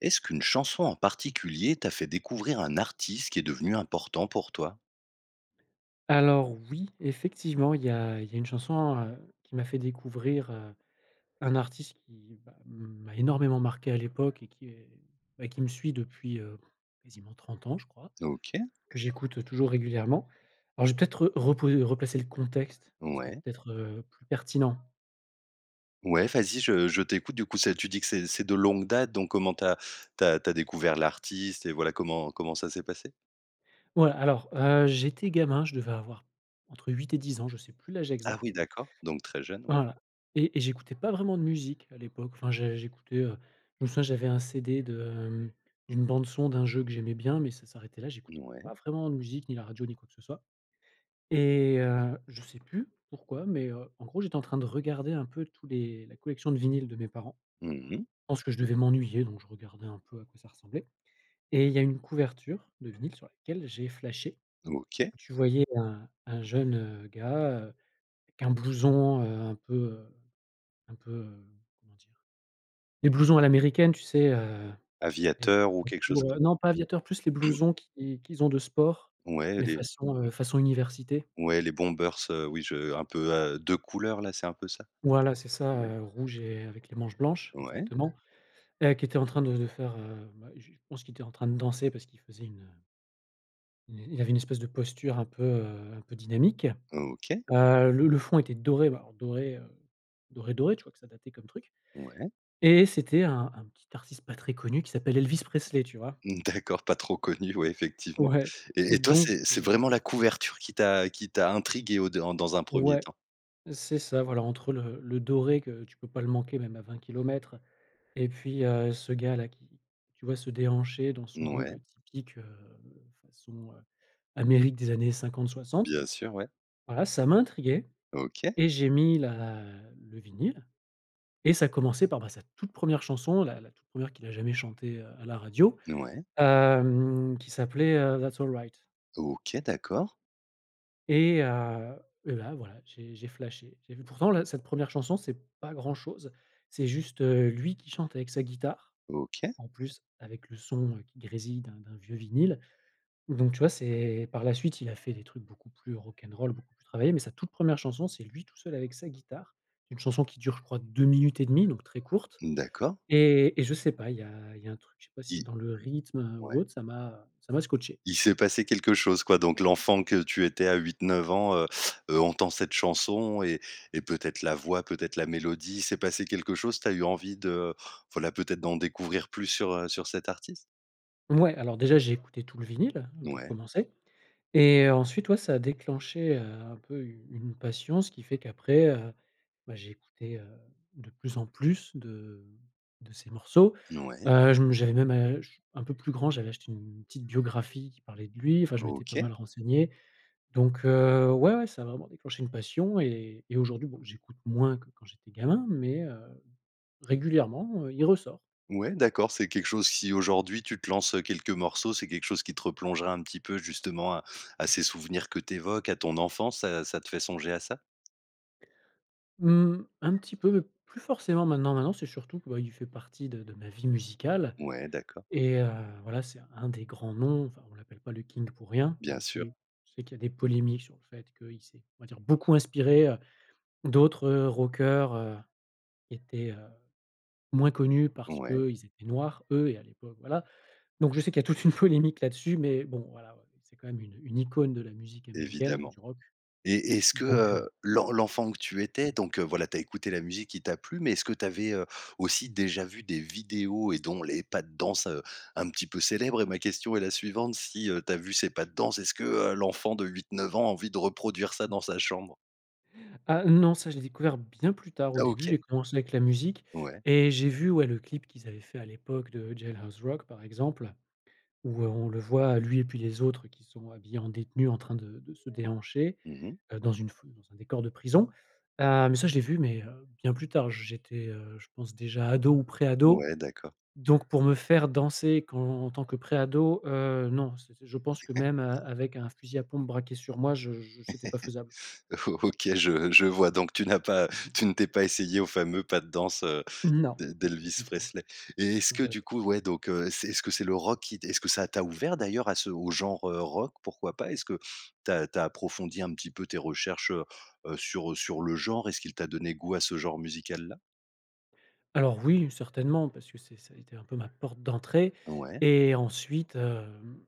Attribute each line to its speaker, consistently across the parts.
Speaker 1: Est-ce qu'une chanson en particulier t'a fait découvrir un artiste qui est devenu important pour toi?
Speaker 2: Alors oui, effectivement, il y a il y a une chanson, heu, qui m'a fait découvrir, heu, un artiste qui m'a m'a énormément marqué à l'époque et qui est, bah, qui me suit depuis, heu, quasiment 30 ans, je crois
Speaker 1: OK.
Speaker 2: que j'écoute toujours régulièrement. Alors je vais peut-être re repo replacé le contexte, ce sera
Speaker 1: Ouais.
Speaker 2: peut-être, heu, plus pertinent.
Speaker 1: Ouais, vas-y, je je t'écoute. Du coup, ça tu dis que c'est c'est de longue date. Donc comment tu as tu as tu as découvert l'artiste et voilà, comment comment ça s'est passé?
Speaker 2: Ouais, alors heu, j'étais gamin, je devais avoir entre 8 et 10 ans je sais plus l'âge
Speaker 1: Ah oui,
Speaker 2: exact.
Speaker 1: d'accord, donc très jeune. Ouais.
Speaker 2: Voilà et et j'écoutais pas vraiment de musique à l'époque, enfin, je j'écoutais, heu, je me souviens, j'avais un CD de, hem, d'une bande-son d'un jeu que j'aimais bien mais ça s'arrêtait là.
Speaker 1: N
Speaker 2: J'écoutais
Speaker 1: ouais.
Speaker 2: pas vraiment de musique, ni la radio, ni quoi que ce soit. Et heu, je sais plus pourquoi mais heu, en gros, j'étais en train de regarder un peu tous les la collection de vinyles de mes parents.
Speaker 1: Mmh mh.
Speaker 2: Je pense que je devais m'ennuyer donc je regardais un peu à quoi ça ressemblait. Et il y a une couverture de vinyle sur laquelle j'ai flashé.
Speaker 1: OK.
Speaker 2: Tu voyais un un jeune, heu, gars, heu, avec un blouson, heu, un peu, heu, un peu, hem, comment dire? Les blousons à l'américaine, tu sais, heu,
Speaker 1: Aviateur ou
Speaker 2: [unintelligible]
Speaker 1: quelque chose
Speaker 2: pour, heu
Speaker 1: comme
Speaker 2: non pas aviateur, plus les blousons qui qu'ils ont de sport
Speaker 1: Ouais,
Speaker 2: mais
Speaker 1: les
Speaker 2: façon, heu, façon université.
Speaker 1: Ouais, les bombers, heu, oui, je un peu, heu, 2 couleurs là? C'est un peu ça?
Speaker 2: Voilà c'est ça,
Speaker 1: Ouais.
Speaker 2: heu, rouge et avec les manches blanches,
Speaker 1: Ouais.
Speaker 2: exactement et qui était en train de de faire, heu bah, je pense qu'il était en train de danser parce qu'il faisait une, heu une il avait une espèce de posture un peu, heu, un peu dynamique.
Speaker 1: OK.
Speaker 2: Heu, le le fond était doré, alors doré, heu, doré doré, tu vois que ça datait comme truc.
Speaker 1: Ouais.
Speaker 2: Et c'était un un petit artiste pas très connu qui s'appelle Elvis Presley. Tu vois?
Speaker 1: D'accord, pas trop connu, ouais, effectivement.
Speaker 2: Ouais
Speaker 1: Et et toi,
Speaker 2: donc
Speaker 1: c'est c'est
Speaker 2: [unintelligible]
Speaker 1: vraiment la couverture qui t'a qui t'a intrigué au dé en dans un 1er
Speaker 2: Ouais,
Speaker 1: temps?
Speaker 2: c'est ça. Voilà entre, heu, le le doré que tu peux pas le manquer même à 20 kilomètres et puis, heu, ce gars-là qui, tu vois, se déhancher dans
Speaker 1: N
Speaker 2: son look
Speaker 1: ouais.
Speaker 2: typique, heu, façon Amérique des années 50-60.
Speaker 1: Bien sûr, ouais.
Speaker 2: Voilà ça m'a intrigué
Speaker 1: OK.
Speaker 2: et j'ai mis la le vinyle et ça commençait par, bah, sa toute 1re chanson, la la toute 1re qu'il a jamais chanté, heu, à la radio,
Speaker 1: Ouais.
Speaker 2: hem, qui s'appelait, heu, That's All Right.
Speaker 1: OK. D'accord.
Speaker 2: Et heu et là, voilà, j'ai j'ai flashé. J'ai vu pourtant la cette 1re chanson, c'est pas grand chose. C'est juste, heu, lui qui chante avec sa guitare.
Speaker 1: OK.
Speaker 2: En plus avec le son, heu, qui grésille d'un d'un vieux vinyle donc tu vois, c'est par la suite il a fait des trucs beaucoup plus rock'n'roll beaucoup plus travaillés mais sa toute 1re chanson, c'est lui tout seul avec sa guitare. Une chanson qui dure, je crois, 2 minutes et 1/2 donc très courte
Speaker 1: D'accord.
Speaker 2: et et je sais pas, il y a il y a un truc. Je sais pas si c'est
Speaker 1: I
Speaker 2: dans le rythme, heu, ou
Speaker 1: ouais.
Speaker 2: autre. Ça m'a ça m'a scotché.
Speaker 1: Il s'est passé quelque chose, quoi donc l'enfant que tu étais à 8-9 ans, heu heu, entend cette chanson et et peut-être la voix, peut-être la mélodie. Il s'est passé quelque chose. Tu as eu envie de, voilà, peut-être d'en découvrir plus sur, heu, sur cet artiste?
Speaker 2: Muais, alors, déjà, j'ai écouté tout le vinyle, hein, pour
Speaker 1: Ouais.
Speaker 2: commencer et heu, ensuite ouais, ça a déclenché, heu, un peu une une passion, ce qui fait qu'après, heu bah, j'ai écouté, heu, de plus en plus de de ses morceaux.
Speaker 1: N ouais.
Speaker 2: Heu, je me j'avais même ach un peu plus grand j'avais acheté une petite biographie qui parlait de lui. Enfin je m'étais pas
Speaker 1: OK.
Speaker 2: mal renseigné. Donc heu, ouais, ouais, ça a vraiment déclenché une passion et et aujourd'hui bon, j'écoute moins que quand j'étais gamin mais heu, régulièrement, heu, il ressort.
Speaker 1: Ouais, d'accord, c'est quelque chose si aujourd'hui tu te lances, heu, quelques morceaux, c'est quelque chose qui te replongera un petit peu, justement, à à ces souvenirs que tu évoques, à ton enfance? Ça ça te fait songer à ça?
Speaker 2: Mmh, un petit peu, mais plus forcément maintenant. Maintenant c'est surtout, bah, qu'il fait partie de de ma vie musicale
Speaker 1: Ouais d'accord.
Speaker 2: et heu, voilà, c'est un des grands noms, enfin, on l'appelle pas le King pour rien
Speaker 1: Bien
Speaker 2: même
Speaker 1: sûr.
Speaker 2: si je sais qu'il y a des polémiques sur le fait qu'il s'est, on va dire, beaucoup inspiré, heu, d'autres, heu, rockers, heu, qui étaient, heu, moins connus parce
Speaker 1: Ouais.
Speaker 2: qu'ils étaient noirs eux et à l'époque, voilà. Donc je sais qu'il y a toute une polémique là-dessus mais bon, voilà, heu, c'est quand même une, heu, une icône de la musique américaine
Speaker 1: Évidemment.
Speaker 2: du rock
Speaker 1: Et est-ce que,
Speaker 2: donc, heu
Speaker 1: heu, l'en l'enfant que tu étais donc heu, voilà, tu as écouté la musique qui t'a plu mais est-ce que tu avais, heu, aussi déjà vu des vidéos et dont les pas de danse, heu, un petit peu célèbres et ma question est la suivante, si, heu, tu as vu ces pas de danse, est-ce que, heu, l'enfant de 8-9 ans a envie de reproduire ça dans sa chambre?
Speaker 2: Ah, non. Ça, je l'ai découvert bien plus tard.
Speaker 1: Ah
Speaker 2: Au début
Speaker 1: OK.
Speaker 2: j'ai commencé avec la musique
Speaker 1: Ouais.
Speaker 2: et j'ai vu, ouais, le clip qu'ils avaient fait à l'époque de Jailhouse Rock, par exemple, où, heu, on le voit lui et puis les autres qui sont, heu, habillés en détenus en train de de se déhancher,
Speaker 1: Mmh mh.
Speaker 2: heu, dans une foule, dans un décor de prison. Ah mais ça, je l'ai vu mais heu, bien plus tard. J'étais, heu, je pense, déjà ado ou pré-ado
Speaker 1: Ouais d'accord.
Speaker 2: donc pour me faire danser quand en tant que pré-ado, heu, non, ç je pense que même, heu, avec un fusil à pompe braqué sur moi je je c'était pas faisable.
Speaker 1: O OK, je je vois donc tu n'as pas tu ne t'es pas essayé au fameux pas de danse, heu,
Speaker 2: Non
Speaker 1: d'El d'Elvis
Speaker 2: du tout!
Speaker 1: Presley. Et est-ce que,
Speaker 2: J'av
Speaker 1: du coup, ouais donc heu, c'est est-ce que c'est le rock qui est-ce que ça t'a ouvert d'ailleurs à ce au genre, heu, rock? Pourquoi pas? Est-ce que tu as tu as approfondi un petit peu tes recherches, heu heu, sur, heu, sur le genre? Est-ce qu'il t'a donné goût à ce genre musical-là?
Speaker 2: Alors oui, certainement parce que c'est ça a été un peu ma porte d'entrée
Speaker 1: Ouais.
Speaker 2: et ensuite, hem,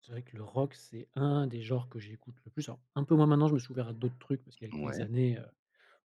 Speaker 2: c'est vrai que le rock, c'est un des genres que j'écoute le plus. Alors un peu moins maintenant, je me suis ouvert à d'autres trucs parce qu'avec les
Speaker 1: Ouais.
Speaker 2: années, heu,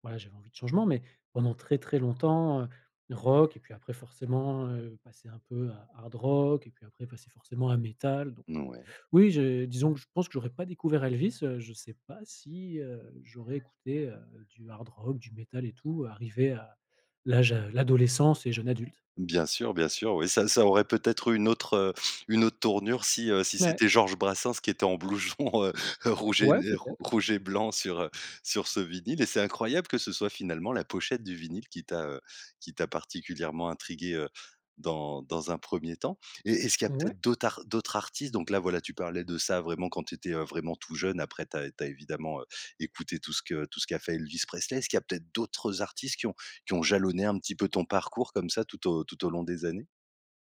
Speaker 2: voilà, j'avais envie de changement mais pendant très, très longtemps, heu, le rock et puis, après, forcément, heu, passer un peu, heu, hard rock et puis après passer forcément à métal donc
Speaker 1: Mouais.
Speaker 2: oui, je disons que je pense que j'aurais pas découvert Elvis, heu, je sais pas si, heu, j'aurais écouté, heu, du hard rock, du métal et tout arrivé à l'âge à l'adolescence et jeune adulte.
Speaker 1: Bien sûr, bien sûr, oui, ça ça aurait peut-être eu une autre, heu, une autre tournure si, heu, si
Speaker 2: Ouais.
Speaker 1: c'était Georges Brassens qui était en blouson, heu, rouge et n
Speaker 2: Ouais,
Speaker 1: et
Speaker 2: peut-être.
Speaker 1: rouge et blanc sur, heu, sur ce vinyle et c'est incroyable que ce soit finalement la pochette du vinyle qui t'a, heu, qui t'a particulièrement intrigué, heu, dans dans un 1er temps. Et est-ce qu'il y a
Speaker 2: Ouais.
Speaker 1: peut-être d'autres ar d'autres artistes donc là, voilà, tu parlais de ça, vraiment quand tu étais, heu, vraiment tout jeune après, tu as tu as évidemment, heu, écouté tout ce que tout ce qu'a fait Elvis Presley. Est-ce qu'il y a peut-être d'autres artistes qui ont qui ont jalonné un petit peu ton parcours comme ça tout au tout au long des années?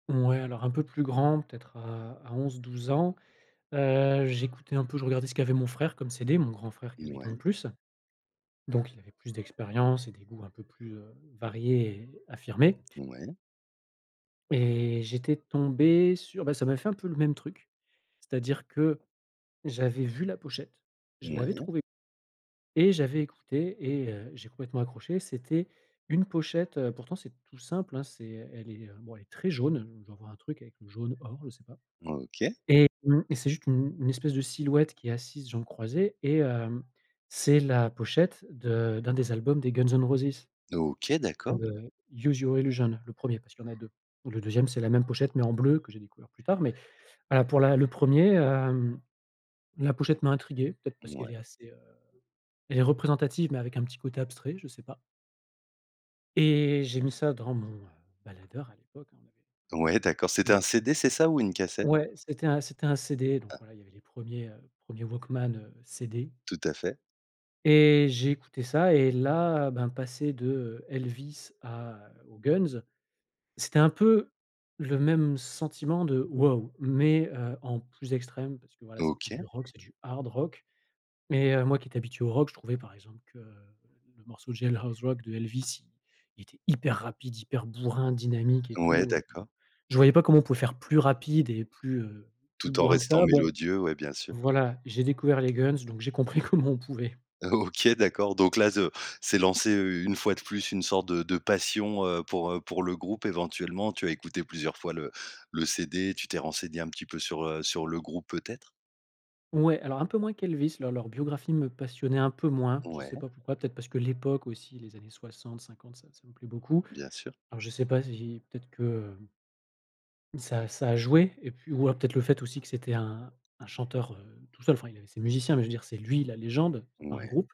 Speaker 2: Ouais, alors un peu plus grand, peut-être à à 11-12 ans, heu, j'écoutais un peu, je regardais ce qu'avait mon frère comme CD, mon grand frère qui a
Speaker 1: N
Speaker 2: 8 ans de
Speaker 1: ouais.
Speaker 2: plus. Donc il avait plus d'expérience et des goûts un peu plus, heu, variés et affirmés.
Speaker 1: Ouais.
Speaker 2: Et j'étais tombé sur, bah, ça m'a fait un peu le même truc. C'est-à-dire que j'avais vu la pochette, je l'avais
Speaker 1: Ouais.
Speaker 2: trouvée et j'avais écouté et heu, j'ai complètement accroché. C'était une pochette, heu, pourtant, c'était tout simple, hein, c'est elle est, heu, bon, elle est très jaune, je dois avoir un truc avec le jaune or, je sais pas
Speaker 1: OK.
Speaker 2: et mmh et c'est juste une une espèce de silhouette qui est assise jambes croisées et hem, c'est la pochette de d'un des albums des Guns'n'Roses.
Speaker 1: OK, d'accord.
Speaker 2: Heu, Use Your Illusion, le 1er parce qu'il y en a 2 où le 2e c'est la même pochette mais en bleu, que j'ai découvert plus tard mais, voilà, pour la le 1er hem, la pochette m'a intrigué peut-être parce qu'elle
Speaker 1: Ouais.
Speaker 2: est assez, heu, elle est représentative mais avec un petit côté abstrait je sais pas. Et j'ai mis ça dans mon, heu, baladeur à l'époque, hein, on avait
Speaker 1: Ouais
Speaker 2: tous un
Speaker 1: d'accord. C'était un
Speaker 2: [unintelligible]
Speaker 1: CD, c'est ça? Ou une cassette?
Speaker 2: Ouais, c'était un c'était un CD donc,
Speaker 1: Ah.
Speaker 2: voilà, il y avait les 1ers, heu, 1ers walkman, heu, CD.
Speaker 1: Tout à fait.
Speaker 2: Et j'ai écouté ça et là, ben, passer de, heu, Elvis à aux Guns, c'était un peu le même sentiment de: «Waouh!» mais, heu, en plus extrême parce que, voilà, c'est plus du
Speaker 1: OK.
Speaker 2: rock, c'est du hard rock mais heu, moi qui étais habitué au rock, je trouvais, par exemple, que, heu, le morceau de Jailhouse Rock de Elvis, il il était hyper rapide, hyper bourrin dynamique et
Speaker 1: Ouais
Speaker 2: tout, heu,
Speaker 1: d'accord.
Speaker 2: je voyais pas comment on pouvait faire plus rapide et plus, heu, plus
Speaker 1: Tout en
Speaker 2: bourrin que
Speaker 1: restant
Speaker 2: ça. Bon,
Speaker 1: mélodieux, ouais, bien sûr.
Speaker 2: voilà j'ai découvert les Guns donc j'ai compris comment on pouvait.
Speaker 1: O OK d'accord, donc là, ze s'est lancée, heu, une fois de plus, une sorte de de passion, heu, pour, heu, pour le groupe éventuellement. Tu as écouté plusieurs fois le le CD, tu t'es renseigné un petit peu sur, heu, sur le groupe peut-être?
Speaker 2: Ouais alors un peu moins qu'Elvis, leur leur biographie me passionnait un peu moins. Je sais
Speaker 1: Ouais.
Speaker 2: pas pourquoi, peut-être parce que l'époque, aussi les années 60-50 ça ça me plaît beaucoup.
Speaker 1: Bien sûr.
Speaker 2: Alors je sais pas si i peut-être que, hem ça ça a joué et puis ou alors peut-être le fait aussi que c'était un un chanteur, heu, tout seul, enfin, il avait ses musiciens mais je veux dire, c'est lui la légende, c'est pas un
Speaker 1: Ouais.
Speaker 2: groupe,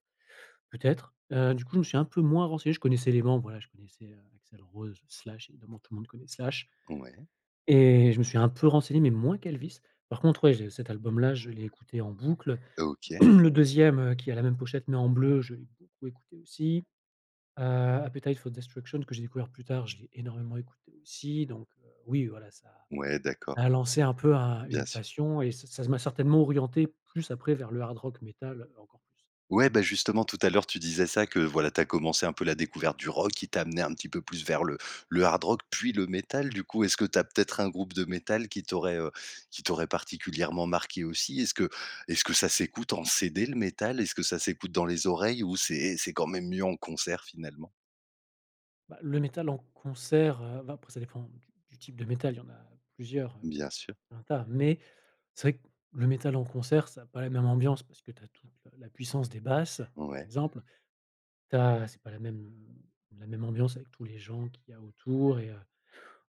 Speaker 2: peut-être, heu, du coup, je me suis un peu moins renseigné. Je connaissais les membres, voilà, je connaissais, heu, Axel Rose, Slash, évidemment, tout le monde connaît Slash.
Speaker 1: Ouais.
Speaker 2: Et je me suis un peu renseigné mais moins qu'Elvis. Par contre, ouais, j'ai cet album-là, je l'ai écouté en boucle.
Speaker 1: OK.
Speaker 2: Le 2e heu, qui a la même pochette mais en bleu, je l'ai beaucoup écouté aussi. Heu, Appetite for Destruction que j'ai découvert plus tard, je l'ai énormément écouté aussi donc heu, oui, voilà, ça
Speaker 1: Ouais d'accord.
Speaker 2: ça a lancé un peu un une
Speaker 1: Bien sûr.
Speaker 2: passion et ça ça m'a certainement orienté plus après vers le hard rock métal encore plus.
Speaker 1: Ouais, bah, justement, tout à l'heure, tu disais ça, que, voilà, tu as commencé un peu la découverte du rock qui t'a amené un petit peu plus vers le le hard rock, puis le métal. Du coup, est-ce que tu as peut-être un groupe de métal qui t'aurait, heu, qui t'aurait particulièrement marqué aussi? Est-ce que est-ce que ça s'écoute en CD, le métal? Est-ce que ça s'écoute dans les oreilles ou c'est c'est quand même mieux en concert finalement?
Speaker 2: Bah, le métal en concert, heu, va après ça dépend du du type de métal, il y en a plusieurs, heu,
Speaker 1: Bien sûr.
Speaker 2: un tas, mais c'est vrai que le métal en concert, ça a pas la même ambiance parce que tu as toute le la puissance des basses, par
Speaker 1: Ouais.
Speaker 2: exemple. Tu as c'est pas la même la même ambiance avec tous les gens qu'il y a autour et heu,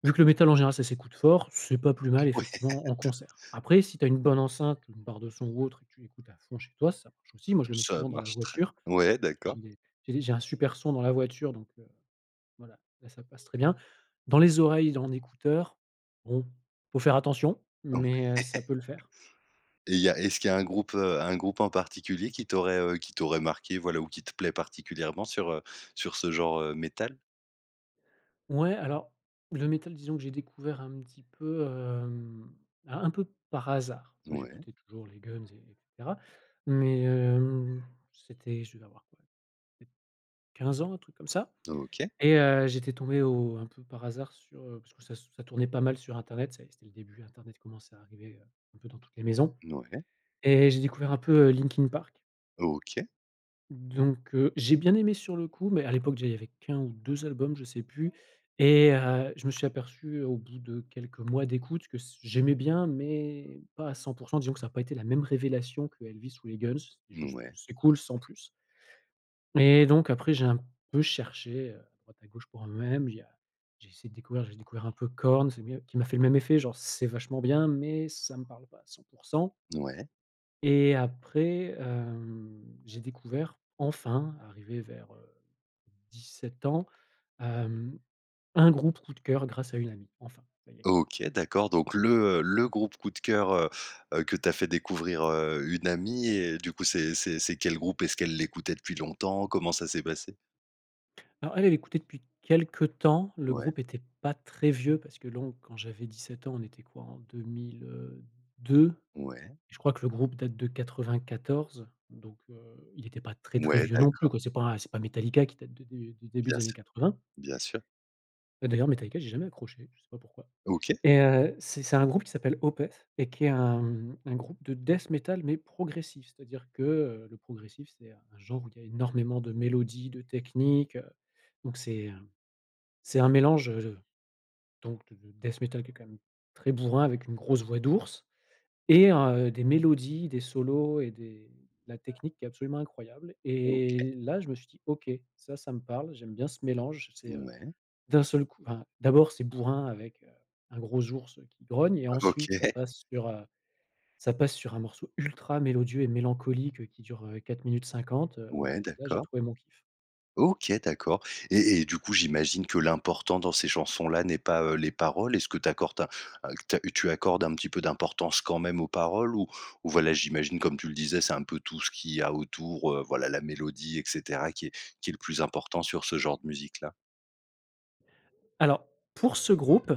Speaker 2: vu que le métal, en général, ça s'écoute fort, c'est pas plus mal
Speaker 1: Ouais
Speaker 2: effectivement en
Speaker 1: tout
Speaker 2: concert. Après si tu as une bonne enceinte ou une barre de son ou autre et que tu l'écoutes à fond chez toi, ça marche aussi, moi je le mets
Speaker 1: Ça
Speaker 2: souvent dans la
Speaker 1: marche très
Speaker 2: voiture, parce
Speaker 1: ouais,
Speaker 2: que
Speaker 1: d'accord.
Speaker 2: j'ai des j'ai des j'ai un super son dans la voiture donc heu, voilà, là, ça passe très bien. Dans les oreilles d en écouteurs, bon, faut faire attention mais, heu, ça peut le faire.
Speaker 1: Et il y a est-ce qu'il y a un groupe, heu, un groupe en particulier qui t'aurait, heu, qui t'aurait marqué, voilà, ou qui te plaît particulièrement sur, heu, sur ce genre, heu, métal?
Speaker 2: Ouais, alors le métal, disons que j'ai découvert un petit peu, hem, un un peu par hasard parce que
Speaker 1: Mouais.
Speaker 2: j'écoutais toujours les Guns et et cetera mais, hem, c'était je devais avoir quoi? Peut être 15 ans, un truc comme ça
Speaker 1: OK.
Speaker 2: et heu, j'étais tombé au un peu par hasard sur, heu, parce que ça s ça tournait pas mal sur internet, tu sais? C'était le début, internet commençait à arriver, heu, un peu dans toutes les maisons
Speaker 1: N ouais.
Speaker 2: et j'ai découvert un peu, heu, Linkin Park.
Speaker 1: OK.
Speaker 2: Donc heu, j'ai bien aimé sur le coup, mais à l'époque déjà il y avait qu'1 ou 2 albums, je sais plus, et heu, je me suis aperçu au bout de quelques mois d'écoute que c j'aimais bien, mais pas à 100 % disons que ça a pas été la même révélation que Elvis ou les Guns, c'était juste, heu,
Speaker 1: Mouais.
Speaker 2: c'est cool sans plus et donc après j'ai un peu cherché, heu, à droite, à gauche, pour moi-même il y a j'ai essayé de découvrir j'ai découvert un peu Korn, c'est mieux. Qui m'a fait le même effet, genre, c'est vachement bien mais ça me parle pas à 100 %
Speaker 1: Ouais.
Speaker 2: et après, hem, j'ai découvert enfin, arrivé vers, heu, 17 ans, hem, un groupe coup de cœur grâce à une amie, enfin, ça y est!
Speaker 1: OK, d'accord, donc le, heu, le groupe coup de cœur, heu, heu, que t'a fait découvrir, heu, une amie et du coup, c'est c'est c'est quel groupe? Est-ce qu'elle l'écoutait depuis longtemps? Comment ça s'est passé?
Speaker 2: Alors elle, elle écoutait depuis quelques temps, le
Speaker 1: Ouais.
Speaker 2: groupe était pas très vieux parce que lon quand j'avais 17 ans, on était quoi? En 2000, heu, 2.
Speaker 1: Ouais.
Speaker 2: Je crois que le groupe date de 94 donc heu, il était pas très, très
Speaker 1: Ouais,
Speaker 2: vieux non plus,
Speaker 1: d'accord.
Speaker 2: quoi, c'est pas un c'est pas Metallica qui date de de du début
Speaker 1: Bien
Speaker 2: des années
Speaker 1: sûr,
Speaker 2: 80.
Speaker 1: bien sûr.
Speaker 2: Bah, d'ailleurs, Metallica j'ai jamais accroché, je sais pas pourquoi
Speaker 1: OK.
Speaker 2: et heu, c'est c'est un groupe qui s'appelle Opeth et qui est un, mmh, un groupe de Death Metal mais progressif. C'est-à-dire que, heu, le progressif, c'est un un genre où il y a énormément de mélodies, de techniques, heu, donc c'est un c'est un mélange, heu, de donc de de Death Metal qui est quand même très bourrin avec une grosse voix d'ours et heu, des mélodies, des solos et des la technique qui est absolument incroyable
Speaker 1: OK.
Speaker 2: et là je me suis dit: «OK, ça, ça me parle, j'aime bien ce mélange» c'est, heu,
Speaker 1: Mouais.
Speaker 2: d'un seul coup enfin, d'abord c'est bourrin avec, heu, un gros ours qui grogne et ensuite ça
Speaker 1: OK.
Speaker 2: passe sur, heu, ça passe sur un morceau ultra mélodieux et mélancolique, heu, qui dure, heu, 4 minutes 50, heu, ouais
Speaker 1: Ouais,
Speaker 2: là, j'ai
Speaker 1: d'accord.
Speaker 2: trouvé mon kiff.
Speaker 1: OK d'accord et et du coup, j'imagine que l'important dans ces chansons là n'est pas, heu, les paroles. Est-ce que tu accordes, un q te tu accordes un petit peu d'importance quand même aux paroles? Ou ou voilà, j'imagine, comme tu le disais, c'est un peu tout ce qu'il y a autour, heu, voilà, la mélodie et cetera qui est qui est le plus important sur ce genre de musique là?
Speaker 2: Alors, pour ce groupe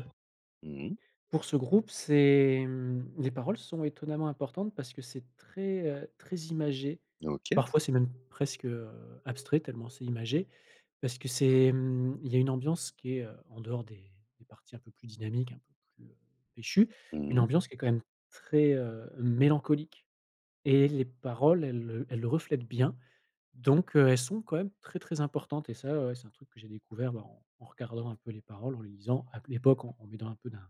Speaker 1: Mmh mh.
Speaker 2: pour ce groupe, c'est, mmh, les paroles sont étonnamment importantes parce que c'est très, heu, très imagé.
Speaker 1: OK.
Speaker 2: Parfois c'est même presque, heu, abstrait tellement c'est imagé parce que c'est, mmh, il y a une ambiance qui est, heu, en dehors des des parties un peu plus dynamiques, un peu plus, heu, pêchues,
Speaker 1: Mmh
Speaker 2: une
Speaker 1: mh.
Speaker 2: ambiance qui est quand même très, heu, mélancolique et les paroles elles, heu, elles reflètent bien, donc, heu, elles sont quand même très, très importantes et ça, ouais, c'est un truc que j'ai découvert, bah, en en regardant un peu les paroles. En les lisant, à q à l'époque, en en m'aidant un peu d'un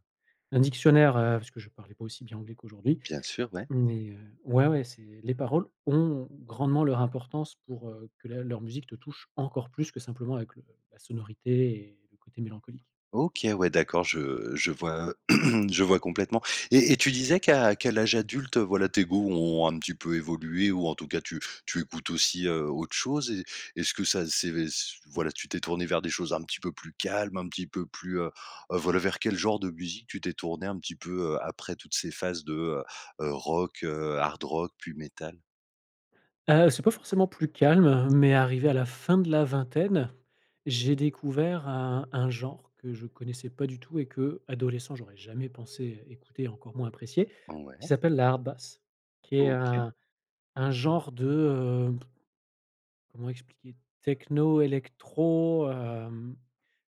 Speaker 2: d'un dictionnaire, heu, parce que je parlais pas aussi bien anglais qu'aujourd'hui
Speaker 1: Bien sûr, ouais.
Speaker 2: mais heu ouais, ouais, c'est les paroles ont grandement leurs importance pour, heu, que la leur musique te touche encore plus que simplement avec le la sonorité et le côté mélancolique.
Speaker 1: OK, ouais, d'accord, je je vois je vois complètement et et tu disais qu'à qu'à l'âge adulte, heu, voilà, tes goûts ont un petit peu évolué ou, en tout cas, tu tu écoutes aussi, heu, autre chose et est-ce que ça, c'est c voilà, tu t'es tourné vers des choses un petit peu plus calmes? Un petit peu plus, heu, heu, voilà, vers quel genre de musique tu t'es tourné un petit peu, heu, après toutes ces phases de, heu, heu, rock, heu, hard rock, puis métal?
Speaker 2: Heu, c'est pas forcément plus calme, heu, mais
Speaker 1: [unintelligible]
Speaker 2: arrivé à la fin de la vingtaine, j'ai découvert un un genre que je connaissais pas du tout et qu'adolescent j'aurais jamais pensé écouter, encore moins apprécier, qui
Speaker 1: Ouais.
Speaker 2: s'appelle la Hardbass. Qui est
Speaker 1: OK.
Speaker 2: un un genre de, heu, comment expliquer? Techno, électro, hem,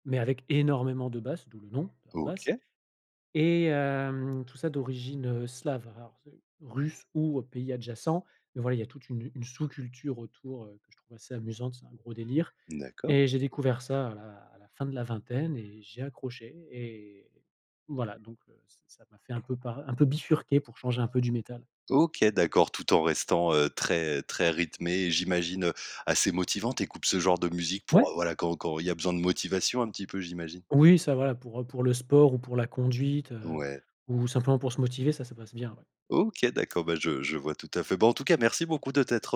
Speaker 2: mais avec énormément de basses, d'où le nom de Hardbass
Speaker 1: OK.
Speaker 2: et hem, tout ça d'origine, heu, slave. Alors c'est russe ou, heu, pays adjacent mais, voilà, il y a toute une une sous culture autour, heu, que je trouve assez amusante, c'est un gros délire
Speaker 1: D'accord.
Speaker 2: et j'ai découvert ça à la à la fin de la vingtaine et j'ai accroché et voilà donc, heu, ç ça m'a fait un peu par un peu bifurquer pour changer un peu du métal.
Speaker 1: OK d'accord, tout en restant, heu, très, très rythmé et j'imagine, heu, assez motivant. Tu écoutes ce genre de musique pour, heu,
Speaker 2: Ouais.
Speaker 1: voilà, quand quand il y a besoin de motivation un petit peu, j'imagine?
Speaker 2: Oui ça va pour, heu, pour le sport ou pour la conduite, heu,
Speaker 1: Ouais.
Speaker 2: ou simplement pour se motiver, ça ça passe bien, ouais.
Speaker 1: OK, d'accord, bah, je je vois tout à fait. Bah, en tout cas, merci beaucoup de t'être,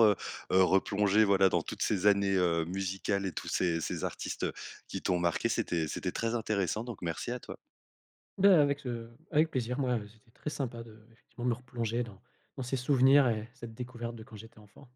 Speaker 1: heu, heu, replongé, voilà, dans toutes ces années, heu, musicales et tous ces ces artistes, heu, qui t'ont marqué. C'était c'était très intéressant, donc merci à toi.
Speaker 2: Bah, avec ce avec plaisir, moi c'était très sympa de, effectivement, me replonger dans dans ces souvenirs et cette découverte de quand j'étais enfant.